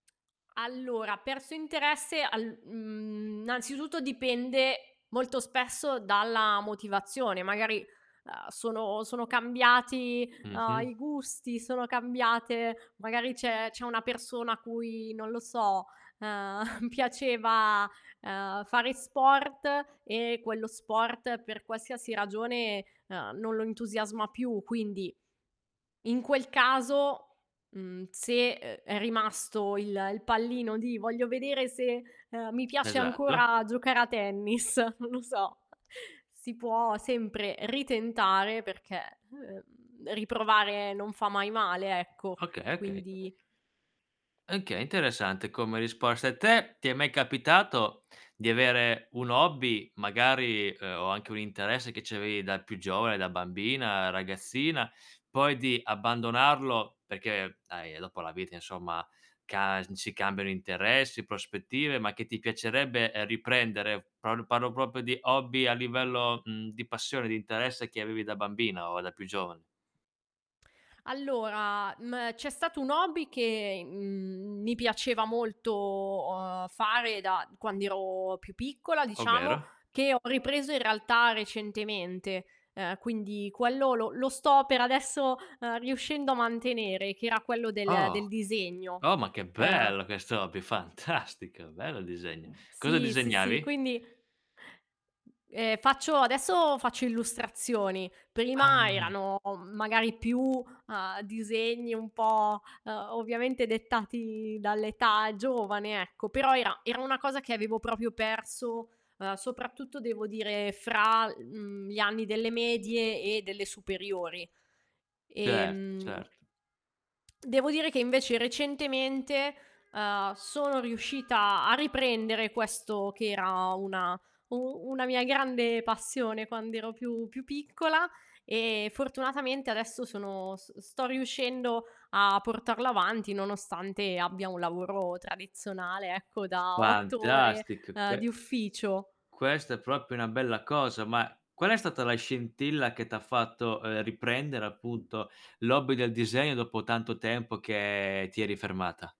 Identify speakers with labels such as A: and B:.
A: Allora, perso interesse al mhmm, innanzitutto, dipende molto spesso dalla motivazione, magari, uhm, sono sono cambiati, uhm,
B: Mh-mh.
A: i gusti, sono cambiate magari c'è c'è una persona a cui, non lo so, uhm piaceva, uhm, fare sport, e quello sport per qualsiasi ragione, uhm, non lo entusiasma più. Quindi, in quel caso, mhmm, se, uhm, è rimasto il il pallino di "Voglio vedere se, uhm, mi piace
B: Esatto.
A: ancora giocare a tennis", non lo so, si può sempre ritentare perché, ehm, riprovare non fa mai male, ecco,
B: Okay, okay.
A: quindi
B: Okay, interessante come risposta. Te, ti è mai capitato di avere un hobby magari, uhm, o anche un interesse che c'avevi da più giovane, da bambina, ragazzina, poi di abbandonarlo perché dai, eh, dopo la vita insomma, ca n si cambiano interessi, prospettive, ma che ti piacerebbe, uhm, riprendere, parlo parlo proprio di hobby a livello, mhmm, di passione, di interesse che avevi da bambina o da più giovane?
A: Allora, mhmm, c'è stato un hobby che, in mhmm, mi piaceva molto fare da quand'ero più piccola diciamo,
B: Ovvero?
A: che ho ripreso in realtà recentemente. Uhm, quindi, quello lo lo sto, per adesso, uhm, riuscendo a mantenere, che era quello del
B: Oh.
A: del disegno.
B: Oh, ma che
A: Uhm
B: bello questo hobby, fantastico, bello il disegno. Cosa
A: Sì, sì, sì,
B: disegnavi?
A: quindi Ehm, faccio adesso faccio illustrazioni. Prima
B: Ah.
A: erano, magari più, uhm, disegni un po', uhm, ovviamente dettati dall'età giovane ecco, però era era una cosa che avevo proprio perso, uhm, soprattutto devo dire fra l mhmm, gli anni delle medie, e delle superiori.
B: Cer
A: Ehm
B: Certo.
A: Devo dire che invece recentemente, uhm, sono riuscita a riprendere questo che era una u una mia grande passione quand'ero più più piccola, e fortunatamente adesso sono s sto riuscendo a portarlo avanti, nonostante abbia un lavoro tradizionale, ecco, da 8 ore,
B: Fantastic
A: uhm,
B: que
A: di ufficio.
B: questa è proprio una bella cosa. Ma qual è stata la scintilla che t'ha fatto, uhm, riprendere appunto, l'hobby del disegno dopo tanto tempo che ti eri fermata?